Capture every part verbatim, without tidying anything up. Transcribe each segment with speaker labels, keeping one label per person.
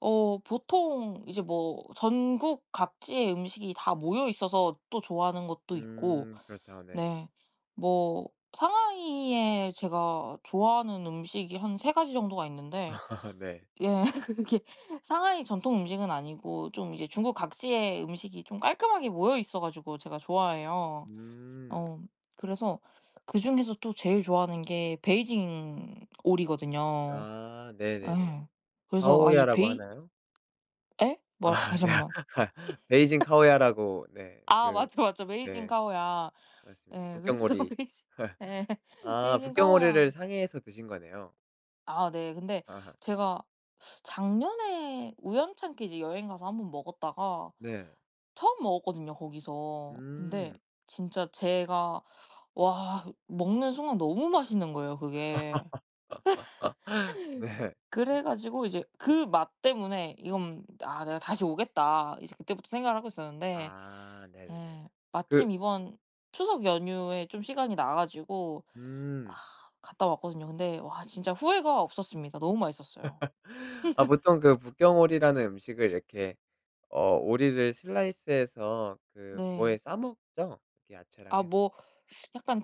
Speaker 1: 어 보통 이제 뭐 전국 각지의 음식이 다 모여 있어서 또 좋아하는 것도 있고
Speaker 2: 음 그렇죠. 네.
Speaker 1: 네 뭐 상하이에 제가 좋아하는 음식이 한 세 가지 정도가 있는데
Speaker 2: 네.
Speaker 1: 예 그게 상하이 전통 음식은 아니고 좀 이제 중국 각지의 음식이 좀 깔끔하게 모여있어 가지고 제가 좋아해요.
Speaker 2: 음.
Speaker 1: 어 그래서 그중에서 또 제일 좋아하는 게 베이징 오리거든요.
Speaker 2: 아
Speaker 1: 아
Speaker 2: 네네네.
Speaker 1: 예. 그래서 아 이
Speaker 2: 烤鴨라고
Speaker 1: 베이
Speaker 2: 하나요?
Speaker 1: 예? 뭐라
Speaker 2: 아.
Speaker 1: 다시 한
Speaker 2: 네.
Speaker 1: 번만.
Speaker 2: 베이징 烤鴨라고 네.
Speaker 1: 아
Speaker 2: 그
Speaker 1: 맞아 맞아. 베이징
Speaker 2: 네.
Speaker 1: 烤鴨.
Speaker 2: 맞습니다.
Speaker 1: 예 그래서
Speaker 2: 북경오리.
Speaker 1: 베이징 예.
Speaker 2: 아
Speaker 1: 베이징 烤鴨.
Speaker 2: 북경오리를 상해에서 드신 거네요.
Speaker 1: 아 네. 근데 제가 작년에 우연찮게 이제 여행 가서 한 번 먹었다가
Speaker 2: 네.
Speaker 1: 처음 먹었거든요 거기서. 근데
Speaker 2: 음.
Speaker 1: 진짜 제가 와 먹는 순간 너무 맛있는 거예요 그게.
Speaker 2: 네.
Speaker 1: 그래가지고 이제 그 맛 때문에 '이건 아 내가 다시 오겠다.' 이제 그때부터 생각을 하고 있었는데,
Speaker 2: 아 네네네.
Speaker 1: 예
Speaker 2: 그
Speaker 1: 마침 이번 추석 연휴에 좀 시간이 나가지고 아
Speaker 2: 음.
Speaker 1: 갔다 왔거든요. 근데 와 진짜 후회가 없었습니다. 너무 맛있었어요.
Speaker 2: 아 보통 그 북경오리라는 음식을 이렇게 어 오리를 슬라이스 해서 그
Speaker 1: 네.
Speaker 2: 뭐에 싸 먹죠? 그 야채랑
Speaker 1: 아
Speaker 2: 해서.
Speaker 1: 뭐 약간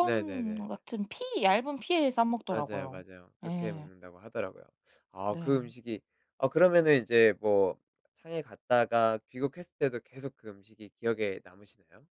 Speaker 2: 네네네.
Speaker 1: 같은 피 얇은 피에 싸
Speaker 2: 맞아요
Speaker 1: 먹더라요.
Speaker 2: 맞아요. 그렇게
Speaker 1: 예.
Speaker 2: 먹는다고 하더라고요. 아 그
Speaker 1: 네.
Speaker 2: 음식이 어 그러면은 이제 뭐 상해 갔다가 귀국했을 때도 계속 그 음식이 기억에 남으시나요?